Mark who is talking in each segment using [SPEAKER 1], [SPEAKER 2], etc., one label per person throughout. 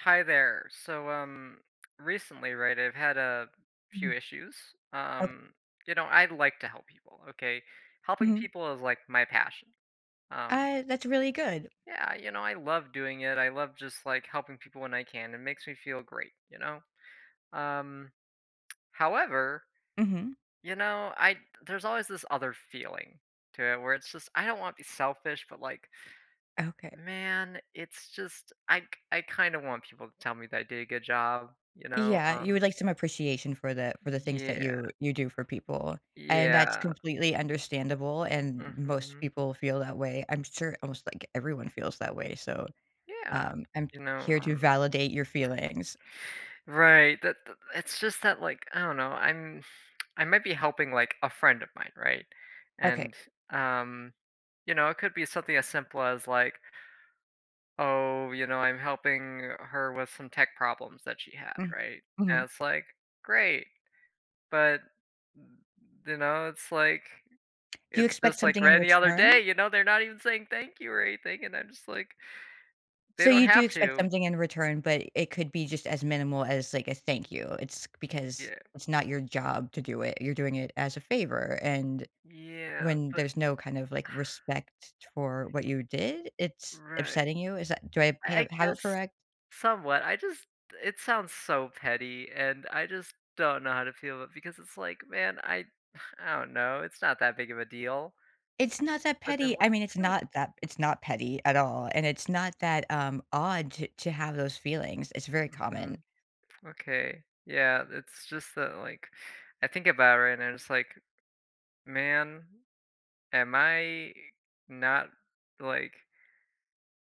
[SPEAKER 1] Hi there. So, um, recently, right, I've had a few
[SPEAKER 2] Mhm.
[SPEAKER 1] issues,
[SPEAKER 2] Ok
[SPEAKER 1] um, you know, I like to help people, okay, helping
[SPEAKER 2] Mhm.
[SPEAKER 1] people is, like, my passion, um
[SPEAKER 2] Uh, that's really good.
[SPEAKER 1] Yeah, you know, I love doing it, I love just, like, helping people when I can, it makes me feel great, you know? Um, however,
[SPEAKER 2] Mhm.
[SPEAKER 1] you know, I there's always this other feeling to it where it's just I don't want to be selfish, but, like
[SPEAKER 2] Okay.
[SPEAKER 1] man, it's just I k I kinda want people to tell me that I did a good job, you know,
[SPEAKER 2] Yeah, you
[SPEAKER 1] um
[SPEAKER 2] would like some appreciation for the for the things that
[SPEAKER 1] Yeah.
[SPEAKER 2] you you do for people, and that's
[SPEAKER 1] Yeah.
[SPEAKER 2] completely understandable, and most
[SPEAKER 1] Mhm.
[SPEAKER 2] people feel that way I'm sure almost, like, everyone feels that way, so,
[SPEAKER 1] Yeah.
[SPEAKER 2] um, I'm
[SPEAKER 1] You know,
[SPEAKER 2] here to
[SPEAKER 1] um
[SPEAKER 2] validate your feelings.
[SPEAKER 1] Right, that that it's just that, like, I don't know, I'm I might be helping, like, a friend of mine, right,
[SPEAKER 2] Okay.
[SPEAKER 1] and, um, you know, it could be something as simple as like oh, you know, I'm helping her with some tech problems that she had,
[SPEAKER 2] Mm
[SPEAKER 1] right, and
[SPEAKER 2] mhm.
[SPEAKER 1] it's, like, great, but you know, it's, like,
[SPEAKER 2] Do you
[SPEAKER 1] it's
[SPEAKER 2] expect
[SPEAKER 1] just, like,
[SPEAKER 2] something in
[SPEAKER 1] any other day,
[SPEAKER 2] return?
[SPEAKER 1] you know, they're not even saying thank you or anything, and I'm just, like they
[SPEAKER 2] So,
[SPEAKER 1] don't
[SPEAKER 2] you do
[SPEAKER 1] have
[SPEAKER 2] expect
[SPEAKER 1] to
[SPEAKER 2] something in return, but it could be just as minimal as, like, a, "thank you," it's because
[SPEAKER 1] Yeah.
[SPEAKER 2] it's not your job to do it, you're doing it as a favor, and,
[SPEAKER 1] Yeah,
[SPEAKER 2] when
[SPEAKER 1] but
[SPEAKER 2] there's no kind of, like, respect for what you did, it's
[SPEAKER 1] Righ
[SPEAKER 2] upsetting you? Is that do I
[SPEAKER 1] I I
[SPEAKER 2] have have
[SPEAKER 1] guess
[SPEAKER 2] it correct?
[SPEAKER 1] somewhat, I just it sounds so petty, and I just don't know how to feel it because it's, like, man, I I don't know, it's not that big of a deal.
[SPEAKER 2] It's not that
[SPEAKER 1] But
[SPEAKER 2] petty,
[SPEAKER 1] then
[SPEAKER 2] I mean, it's not
[SPEAKER 1] [unintelligible]
[SPEAKER 2] that it's not petty at all, and it's not that, um, odd to to have those feelings, it's very common.
[SPEAKER 1] Mhm. Okay, yeah, it's just that, like, I think about it right now, and it's, like, "Man, am I not, like"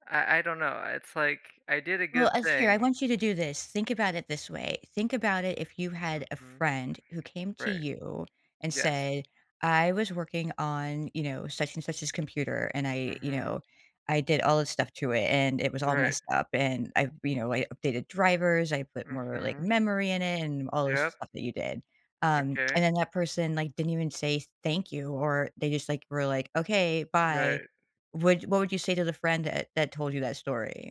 [SPEAKER 1] I I don't know, it's, like, I did a
[SPEAKER 2] Well,
[SPEAKER 1] good
[SPEAKER 2] uh, here, I
[SPEAKER 1] thing.
[SPEAKER 2] want you to do this, think about it this way, think about it if you had a
[SPEAKER 1] Mhm.
[SPEAKER 2] friend who came to
[SPEAKER 1] Right.
[SPEAKER 2] you and
[SPEAKER 1] Yes.
[SPEAKER 2] said, "I was working on, you know, such and such's computer and I, you
[SPEAKER 1] Mhm.
[SPEAKER 2] know I did all this stuff to it and it was all
[SPEAKER 1] Right.
[SPEAKER 2] messed up and I you know I updated drivers, I put more, like,
[SPEAKER 1] Mhm.
[SPEAKER 2] memory in it" and all this
[SPEAKER 1] Yep.
[SPEAKER 2] stuff that you did, um,
[SPEAKER 1] Okay.
[SPEAKER 2] and then that person, like, didn't even say, "thank you," or they just, like, were, like, "Okay, bye."
[SPEAKER 1] Right.
[SPEAKER 2] Would what would you say to the friend that that told you that story?